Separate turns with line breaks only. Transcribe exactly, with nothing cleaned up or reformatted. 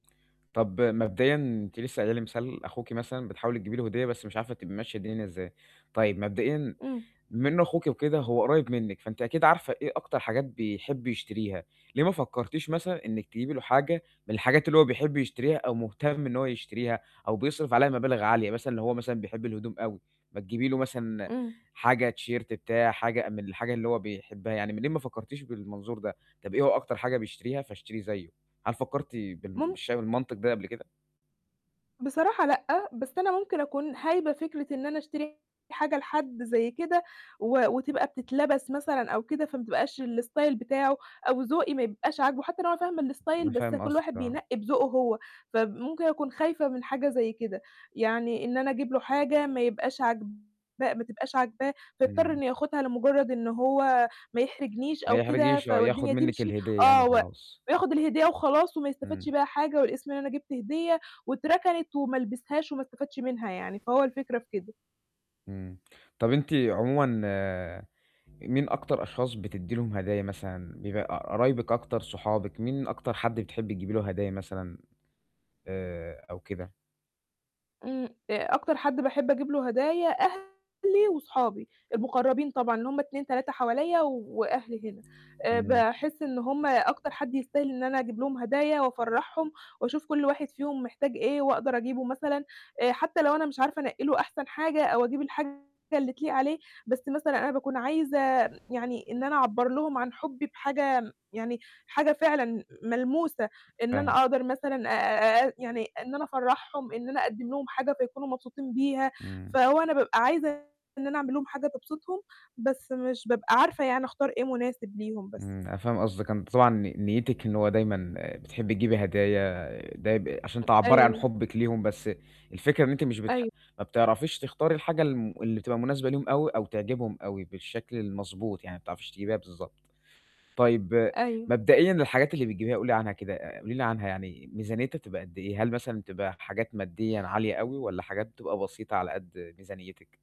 طَب مبدئيًا، أنتِ لسه قايلة لي مثال أخوكِ مثلًا، بتحاولي تجيبي له هدية بس مش عارفة، تبقي ماشية الدنيا إزاي؟ طيب مبدئيًا
امم.
بما إنه أخوكِ وكده هو قريب منِّك، فأنتِ أكيد عارفة إيه أكتر حاجات بيحب يشتريها. ليه ما فكّرتيش مثلًا، إنك تجيبي له حاجة من الحاجات اللي هو بيحب يشتريها أو مهتم إن هو يشتريها، أو بيصرف عليها مبالغ عالية مثلًا، لو هو مثلًا بيحب الهدوم أوي، ما تجيبي له مثلًا
امم.
حاجة T-shirt بتاع، حاجة من الحاجة اللي هو بيحبها يعني. منين ما فكّرتيش بالمنظور ده، طَب إيه هو أكتر حاجة بيشتريها فاشتريه زيُّه؟ هل فكّرتِ بال
مُم
بالش بالمنطق ده قبل كده؟
بصراحة لأ، بس أنا ممكن أكون هايبة فكرة إن أنا أشتري حاجة لحد زي كده و وتبقى بتتلبس مثلًا أو كده، فما تبقاش الstyle بتاعه أو ذوقي ما يبقاش عاجبه، حتى لو أنا فاهمة
أنا
الstyle بس
فاهِم
كل
قصدِك،
واحد
آه.
بينقّي بذوقه هو، فب مُمكن أكون خايفة من حاجة زي كده. يعني إن أنا أجيب له حاجة ما يبقاش عاجباه ما تبقاش عاجباه، فيضطر
امم.
إنه ياخُدها لمُجرّد إن هو ما يحرجنيش
ما
أو كده،
يحرجكيش
ف
آه، ياخد
والدنيا
منِّك
تمشي
الهدية يعني
آه، و
وخلاص.
وياخد الهدية وخلاص، وما يستفيدش
امم.
بيها حاجة، والاسم إن أنا جِبت هدية واتركنِت وما لبسهاش وما استفادش منها يعني، فهو الفكرة في كده.
امم، طَب أنتِ عمومًا مين أكتر أشخاص بتدّي لهُم هدايا مثلًا، بيبقى ق قرايبِك أكتر، صحابِك مين أكتر حَدّ بتحبّي تجيبي له هدايا مثلًا آآ أو كده؟
امم، آآ، أكتر حد باحب أجيب له هدايا أهلي وصحابي، المقربين طبعًا اللي هُم اتنين، تلاتة حواليَّ و وأهلي هنا. آآ،
امم.
باحس إن هُم أكتر حد يستاهل إن أنا أجيب لهُم هدايا وأفرّحهم، وأشوف كل واحد فيهم محتاج إيه، وأقدر أجيبه مثلًا، آآ، حتى لو أنا مش عارفة أنقّي له أحسن حاجة أو أجيب الحاجة اللي تليق عليه، بس مثلًا أنا باكون عايزة يعني، إن أنا أعبّر لهُم عن حُبّي بحاجة م يعني حاجة فعلًا ملموسة، إن
فاهمِ.
أنا أقدر مثلًا آآ، آآ يعني إن أنا أفرّحهم، إن أنا أقدّم لهُم حاجة فيكونوا مبسوطين بيها،
امم.
فهو أنا بابقى عايزة إن أنا أعمل لهُم حاجة تبسطهُم، بس مش بابقى عارفة يعني أختار إيه مناسب ليهُم بس.
امم، أنا فاهم قصدِك. أنتِ طبعًا ن نيتِك إن هو دايمًا آآ بتحبّي تجيبي هدايا، آآ ده ب عشان تعبرّي عن
أيوه.
حُبِّك ليهم، بس الفكرة إن أنتِ مش بتـح
أي
ما بتعرفيش تختاري الحاجة الـم اللي بتبقى مناسبة ليهم أوي، أو تعجبهُم أوي بالشكل المضبوط، يعني ما بتعرفيش تجيبيها بالضبط. طيب
أيوه.
مبدئيًا الحاجات اللي بتجيبيها قولي عنها كده، آآ قولي لي عنها يعني ميزانيتها بتبقى قد إيه، هل مثلًا بتبقى حاجات ماديًا عالية أوي والّا حاجات بتبقى بسيطة، على قدّ ميزانيتِك؟